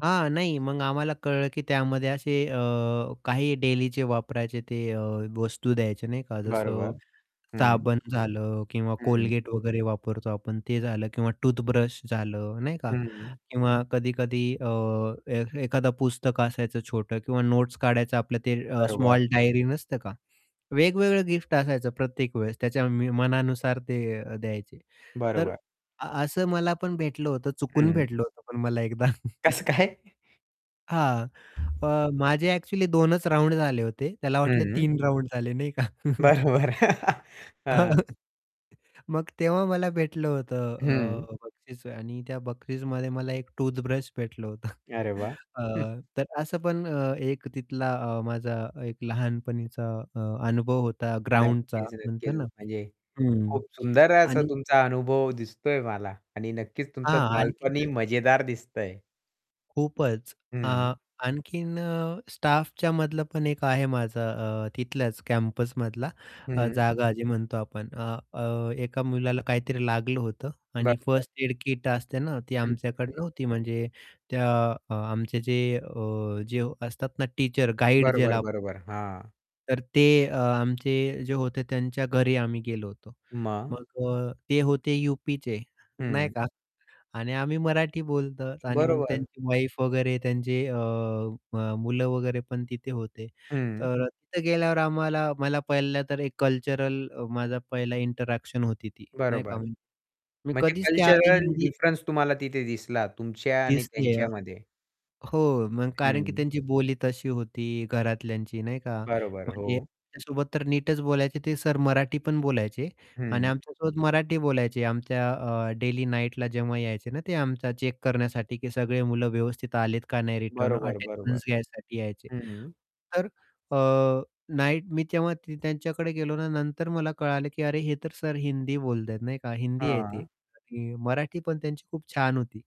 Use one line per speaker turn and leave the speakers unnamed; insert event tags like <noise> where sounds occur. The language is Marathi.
हां. नाही, मग आम्हाला कळलं की त्यामध्ये असे अ, काही डेलीचे वापरायचे ते अ, वस्तू द्यायचे नाही का, जसं
बरोबर. हं.
साबण झालं किंवा
हं.
Colgate वगैरे वापरतो आपण ते झालं किंवा टूथब्रश झालं नाही का.
हं.
किंवा कधी-कधी अ, ए एखादं पुस्तक असायचं छोटं किंवा नोट्स काढायचं आपलं ते अ,
बरोबर.
स्मॉल डायरी नसतं का? वेगवेगळं गिफ्ट असायचं प्रत्येक वेळेस. त्याच्या मी मनानुसार ते अ, द्यायचे. तर
बरोबर.
असं मला पण भेटलं होतं चुकून
हं.
भेटलं होतं पण मला एकदा. <chuckles>
कसं काय?
हां. अ, माझे ॲक्चुअली 2 च राउंड झाले होते, त्याला वाटले
हं.
3 राउंड झाले नाही का. <chuckles>
बरं, बरं. <laughs> हां.
<chuckles> मग तेव्हा मला भेटलं होतं
हं.
अ, बक्षीस आणि त्या बक्षिसमध्ये मला एक टूथब्रश भेटलं होतं.
अरे वाह!
<chuckles> अ,
<chuckles>
तर असं पण एक तिथला अ, माझा एक लहानपणीचा अ, अनुभव होता ग्राउंडचा
नक्कीच,
म्हणतात
नक्कीच.
ना.
म्हणजे
हं.
खूप सुंदर असा
आणि
तुमचा अनुभव दिसतोय मला आणि नक्कीच
हां,
तुमचं
आणखीन
बालपणही
तर
मजेदार दिसतंय.
खूपच अ,
हं.
आणखीन अ, स्टाफच्या मधलं पण एक आहे माझा अ, तिथल्याच कॅम्पसमधला अ,
हं.
जागा जे म्हणतो आपण अ, अ, एका मुलाला काहीतरी लागलं होतं आणि
बरोबर.
फर्स्ट एड किट असते ना ती
हं,
आमच्याकडे
हं.
नव्हती म्हणजे त्या अ, आमचे जे अ, जे असतात ना टीचर गाईड
बरोबर,
ज्याला आपण म्हणतो
बरोबर. हां.
तर ते अ, आमचे जे होते त्यांच्या घरी आम्ही गेलो होतो.
मग?
मग अ, ते होते यूपीचे, नाही
हं.
का. आणि आम्ही मराठी बोलतो आणि मग
बरोबर.
त्यांची वाईफ वगैरे त्यांचे अ, म मुलं वगैरे पण तिथे होते.
हं.
तर अ, तिथं गेल्यावर आम्हाला मला पहिला तर एक कल्चरल अ, माझा पहिला इंटरॅक्शन होती ती नाही का,
बरोबर.
म्हणजे मी
म्हणजे
कधीच त्या आधी
कल्चरल
हिंदी
डिफरन्स तुम्हाला तिथे दिसला तुमच्या आणि
दिसले.
त्यांच्यामध्ये.
हो, कारण की
हं.
त्यांची बोली तशी होती घरातल्यांची नाही का.
बरोबर.
म्हणजे
हो.
माझ्यासोबत तर नीटच बोलायचे, ते सर मराठी पण बोलायचे. आणि
हं.
आमच्यासोबत मराठी बोलायचे आमच्या अ, डेली नाईटला जेव्हा यायचे ना, ते आमचा चेक करण्यासाठी की सगळे मुलं व्यवस्थित आलेत का नाही रिटर्न?
बरोबर, बरोबर.
अटेंडन्स घ्यायसाठी यायचे.
हं.
तर अ, नाईट मी तेव्हा त त्यांच्याकडे गेलो ना. नंतर मला कळालं की, "अरे, हे तर सर हिंदी बोलत आहेत," नाही का. "हिंदी आहे ते."
हां.
मराठी पण त्यांची खूप छान होती.